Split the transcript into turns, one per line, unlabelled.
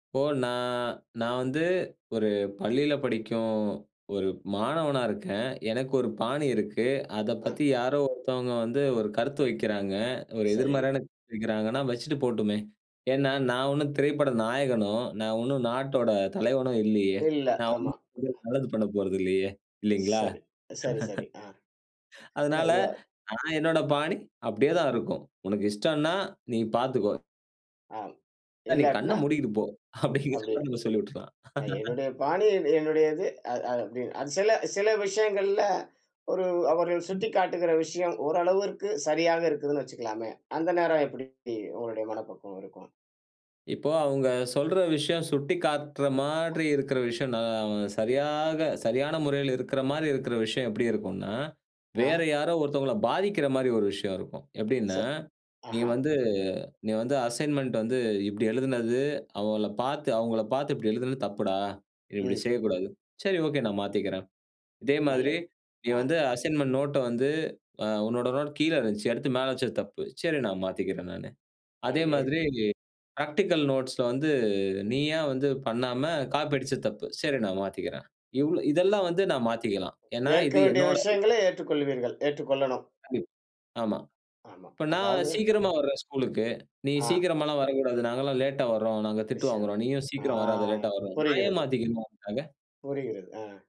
இப்போ நான் நான் வந்து ஒரு பள்ளியில படிக்கும் 1 மாணவனா இருக்கேன். எனக்கு 1 பாணி இருக்கு. அத
ம்.
பத்தி யாரோ ஒருத்தவங்க வந்து 1 கருத்து வைக்கிறாங்க. ஒரு
சரி.
எதிர்மறையான கருத்து வைக்கிறாங்கன்னா, வச்சுட்டு போட்டுமே. ஏனா, நான் ஒண்ணும் திரைப்பட நாயகனோ, நான் ஒண்ணும் நாட்டோட தலைவனோ இல்லையே.
இல்ல
நான்
ஆமா.
ஒண்ணும் நல்லது பண்ண போறதில்லையே இல்லைங்களா?
சரி, சரி, சரி. ஆ. இல்ல,
அதனால
இல்ல.
நான் என்னோட பாணி அப்டியே தான் இருக்கும். உனக்கு இஷ்டம்ன்னா நீ பார்த்துக்கோ.
ஆ
இல்ல நீ கண்ண
இல்லாட்னா,
மூடிக்குட்டுபோ.
அப்டி
அப்டிங்கிறத நம்ம சொல்லி விட்டுர்லாம்.
அது என்னுடைய பாணியே என்னுடையது அத் அத் சில சில விஷயங்கள்ல, ஒரு அவர்கள் சுட்டிக்காட்டுகிற விஷயம் ஓரளவிற்கு சரியாக இருக்குதுன்னு வச்சுக்கலாமே. அந்த நேரம் எப்டி உங்களுடைய மனப்பக்குவம் இருக்கும்?
இப்போ, அவுங்க சொல்ற விஷயம் சுட்டிக்காட்ற மாரி இருக்கிற விஷயம் நான் சரியாக சரியான முறையில இருக்குற மாரி இருக்குற விஷயம் எப்டி இருக்கும்ன்னா, வேற
ஆ.
யாரோ ஒருத்தவங்கள பாதிக்குற மாரி ஒரு விஷயம் இருக்கும்.
ச
எப்டின்னா, நீ
ஆஹா.
வந்து நீ வந்து அசைன்மென்ட் வந்து இப்டி எழுதினது, அவங்கள பார்த்து அவங்கள பார்த்து இப்டி எழுதினது தப்புடா. நீ இப்டி
ம்.
செய்யக்கூடாது. சரி ஓகே நான் மாத்திக்கிறேன். இதே மாதிரி
நல்லது.
நீ
ஆ.
வந்து அசைன்மென்ட் நோட்ட வந்து அ உன்னோட நோட் கீழ இருந்துச்சு. அடுத்து மேல வச்சது தப்பு. சரி நான் மாத்திக்கிறேன் நானு. அதே
ஆயரு
மாதிரி பிராக்டிகல் நோட்ஸ்ல வந்து நீயா வந்து பண்ணாம காப்பி அடிச்சது தப்பு. சரி நான் மாத்திக்கிறேன். இவ்ளோ இதெல்லாம் வந்து நான் மாத்திக்கலாம். ஏன்னா
ஏற்க
இது
வேண்டிய
என்னோடது.
விஷயங்களை ஏற்றுக்கொள்வீர்கள் ஏற்றுக்கொள்ளனும்.
கண்டிப் ஆமா.
ஆமா.
இப்ப நான்
அதாவது
சீக்கிரமா வர்றேன் ஸ்கூலுக்கு. நீ
ஆ.
சீக்கிரமாலாம் வரக்கூடாது நாங்கலாம் லேட்டா வர்றோம் நாங்க திட்டு
விஷயம்
வாங்குறோம் நீயும்
ஆ
சீக்கிரம் வராத. லேட்டா வர்றோம். நான் ஏன்
புரிகிறது.
மாத்திக்கணும் உனக்காக?
புரிகிறது.ஆ.